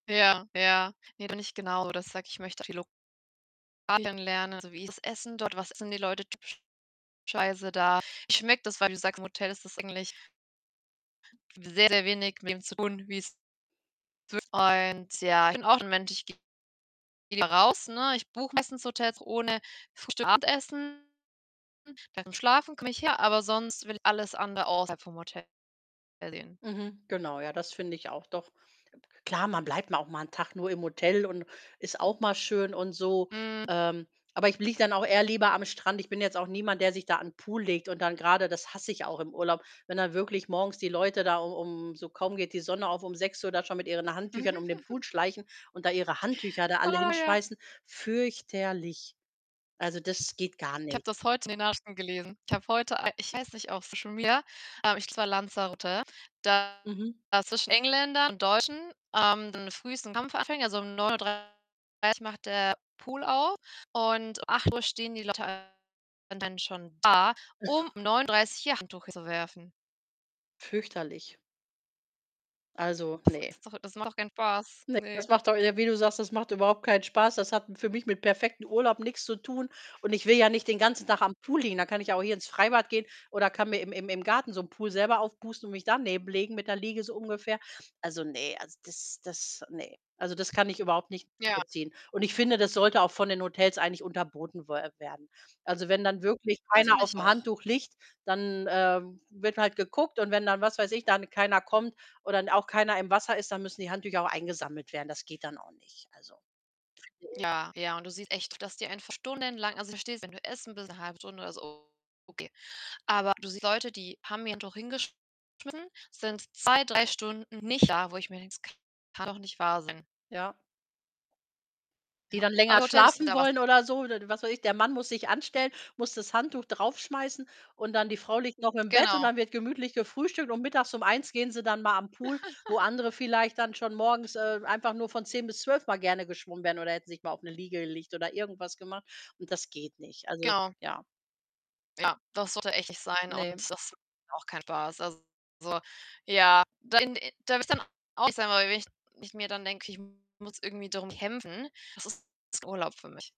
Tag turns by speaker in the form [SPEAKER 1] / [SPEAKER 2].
[SPEAKER 1] Ja, ja. Ne, bin ich genau, dass ich sage ich möchte viele [unintelligible] kennenlernen, so wie ist das Essen dort, was essen die Leute typischerweise da. Ich [unintelligible] das, weil du sagst, im Hotel ist das eigentlich sehr, sehr wenig mit dem zu tun, wie's [unintelligible] Ich bin auch 'n Mensch ich gehe lieber raus, ne? Ich buche meistens Hotels ohne Frühstück und Abendessen. [unintelligible] Beim Schlafen komme ich her, aber sonst will ich alles andere außerhalb vom Hotel erleben.
[SPEAKER 2] Mhm, genau, ja, das finde ich auch, doch. Klar, man bleibt mal auch mal 'n Tag nur im Hotel und ist auch mal schön und so.
[SPEAKER 1] Mhm.
[SPEAKER 2] Ähm, aber ich liege dann auch eher lieber am Strand. Ich bin jetzt auch niemand, der sich da an 'n Pool legt und dann grade das hasse ich auch im Urlaub, wenn dann wirklich morgens die Leute da u um so kaum geht die Sonne auf, um 6:00 da schon mit ihren Handtüchern um den Pool schleichen und da ihre Handtücher da alle
[SPEAKER 1] Ah ja.
[SPEAKER 2] hinschmeißen. Fürchterlich. Also, das geht gar
[SPEAKER 1] Ich
[SPEAKER 2] nicht.
[SPEAKER 1] habe das heute in den Nachrichten gelesen. Ich habe heute a ich weiß nicht, auf Social Media, ähm, ich [unintelligible] war Lanzarote, da
[SPEAKER 2] Mhm.
[SPEAKER 1] zwischen Engländern und Deutschen, ähm, so früh so 'n Kampf anfangen. Also um 9:30 macht der Pool auf und um 8 stehen die Leute dann schon da, um 9:30 ihr Handtuch hinzuwerfen.
[SPEAKER 2] Fürchterlich. Also,
[SPEAKER 1] Das
[SPEAKER 2] ne.
[SPEAKER 1] ist doch das macht doch kein Spaß,
[SPEAKER 2] Ne,
[SPEAKER 1] ne.
[SPEAKER 2] das macht doch e wie du sagst, das macht überhaupt keinen Spaß. Das hat m für mich mit perfektem Urlaub nix zu tun, und ich will ja nicht den ganzen Tag am Pool liegen. Da kann ich ja auch hier ins Freibad gehen oder kann mir im im im Garten so 'n Pool selber aufpusten und mich daneben legen mit der Liege, so ungefähr. Also, ne also das das ne. Also, das kann ich überhaupt nicht
[SPEAKER 1] Ja.
[SPEAKER 2] nachvollziehen und ich finde, das sollte auch von den Hotels eigentlich unterboten we werden. Also, wenn dann wirklich
[SPEAKER 1] Das
[SPEAKER 2] keiner
[SPEAKER 1] finde ich
[SPEAKER 2] aufm
[SPEAKER 1] auch.
[SPEAKER 2] Handtuch liegt, dann, ähm, wird halt geguckt und wenn dann was weiß ich, dann keiner kommt oder dann n auch keiner im Wasser ist, dann müssen die Handtücher auch eingesammelt werden. Das geht dann auch nicht, also finde ich.
[SPEAKER 1] Ja, ja und du siehst echt, dass die einfach stundenlang also, ich verstehe es, wenn du essen bist 'ne 1/2 Stunde oder so, okay. Aber du siehst Leute, die haben ihr Handtuch hingeschmissen, sind 2, 3 Stunden nicht da, wo ich mir denke: „Das kann doch nicht wahr sein.“
[SPEAKER 2] Ja. Die
[SPEAKER 1] Ja,
[SPEAKER 2] dann
[SPEAKER 1] aber
[SPEAKER 2] länger
[SPEAKER 1] Hotels müssten
[SPEAKER 2] schlafen
[SPEAKER 1] da was
[SPEAKER 2] wollen oder so, oder was weiß ich. Der Mann muss sich anstellen, muss das Handtuch draufschmeißen, und dann die Frau liegt noch im Bett, und
[SPEAKER 1] Genau.
[SPEAKER 2] dann wird gemütlich gefrühstückt und mittags um 13:00 gehen sie dann mal an Pool, wo andere vielleicht dann schon morgens, äh, einfach nur von 10:00 bis 12:00 mal gerne geschwommen wären oder hätten sich mal auf 'ne Liege gelegt oder irgendwas gemacht und das geht nicht. Also
[SPEAKER 1] Genau.
[SPEAKER 2] ja.
[SPEAKER 1] Ja, das sollte echt nicht sein und
[SPEAKER 2] Ne.
[SPEAKER 1] das [unintelligible] auch kein Spaß. Also ja, da in da würde ich dann auch sagen weil wenn ich mir dann denke: „Okay, ich muss irgendwie darum kämpfen, das ist [unintelligible] Urlaub für mich.“